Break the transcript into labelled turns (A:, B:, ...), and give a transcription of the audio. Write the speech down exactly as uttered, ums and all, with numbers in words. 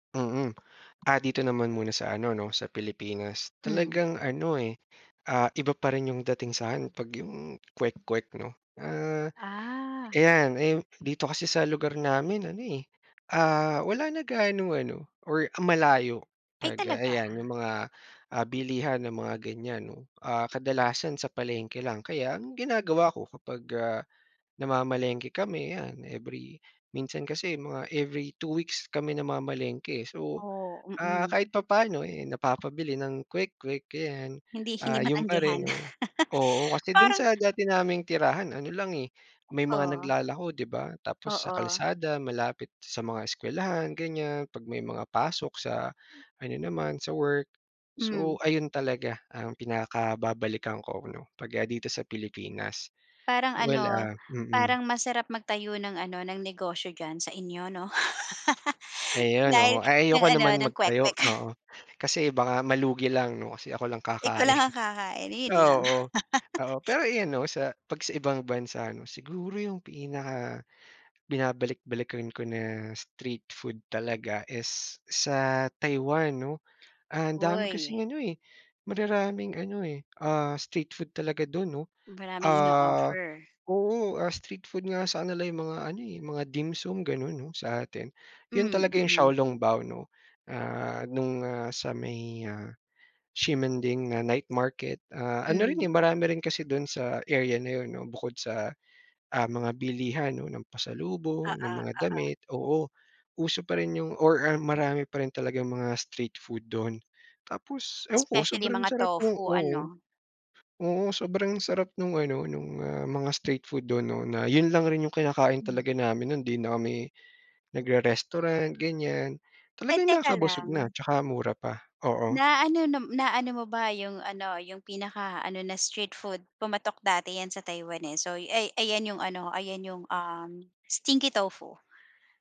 A: Mm, ah, dito naman muna sa ano 'no sa Pilipinas,
B: Hmm.
A: talagang ano eh, ah, iba pa rin yung dating sa akin pag yung kwek-kwek 'no, ah,
B: Ah.
A: ayan. Eh dito kasi sa lugar namin ano eh, ah, wala na ganong ano or malayo
B: Ay
A: pag, ah,
B: talaga?
A: ayan 'yung mga ah, bilihan ng mga ganiyan 'no, ah, kadalasan sa palengke lang kaya ang ginagawa ko kapag, ah, namamalengke kami yan, every minsan kasi mga every two weeks kami namamalengke so,
B: Oh,
A: ah,
B: mm.
A: kahit papaano eh napapabili ng kwek-kwek ayan.
B: Hindi hindi
A: Ah, 'yun pa
B: matanggihan.
A: rin 'no, oo. Kasi dun
B: Parang
A: sa dati naming tirahan ano lang eh, may mga
B: Oo.
A: naglalako di ba, tapos sa
B: Oo.
A: kalsada, malapit sa mga eskuwelahan ganiyan, pag may mga pasok sa ano naman, sa work. So
B: Mm.
A: ayun talaga ang pinaka-babalikan ko 'no pag, ah, dito sa Pilipinas.
B: Parang
A: Well
B: ano,
A: ah mm.
B: parang masarap magtayo ng ano ng negosyo diyan sa inyo 'no?
A: Ayun
B: Dahil
A: oo, ay
B: ng
A: ayoko
B: ano,
A: naman
B: ng
A: mag-tayo
B: kwek-kwek.
A: oo kasi baka malugi lang 'no kasi ako lang
B: Ikaw
A: kakain.
B: lang ang kakainin 'yun lang.
A: Oo, oo pero ayan 'no sa pag, sa ibang bansa ano siguro yung pinaka binabalik-balikan ko na street food talaga is sa Taiwan 'no. Ah, dami
B: Hoy.
A: kasing ano eh, mararaming ano eh, ah, street food talaga dun 'no.
B: Maraming
A: Ah,
B: ino-offer.
A: oo ah, street food nga sakanila yung mga ano eh, mga dimsum ganun sa atin, yun
B: Hmm,
A: talaga yung 小
B: mm.
A: 笼包 ano, ah, nung ah, sa may ah, Ximanding na night market ah, ano rin
B: Hmm.
A: eh, marami rin kasi dun sa area na 'yun no bukod sa ah, mga bilihan 'no ng pasalubong, ng
B: Oo,
A: mga
B: oo.
A: damit, oo. Uso pa rin yung or ah, marami pa rin talagang mga street food dun. Tapos ewan ko
B: Specially
A: sobrang
B: mga
A: sarap nung
B: tofu
A: oo.
B: ano?
A: Oo sobrang sarap nung ano, nung ah, mga street food dun 'no na yun lang rin yung kinakain
B: Hmm.
A: talaga namin nun hindi na kami nagre-restaurant ganiyan,
B: Ay
A: talagang
B: teka
A: nakakabusog na
B: lang.
A: tsaka mura pa, oo.
B: Na ano na na ano mo ba yung ano, yung pinaka-ano na street food pumatok dati yan sa Taiwan eh, so ay ayan yung ano, ayan yung um, stinky tofu.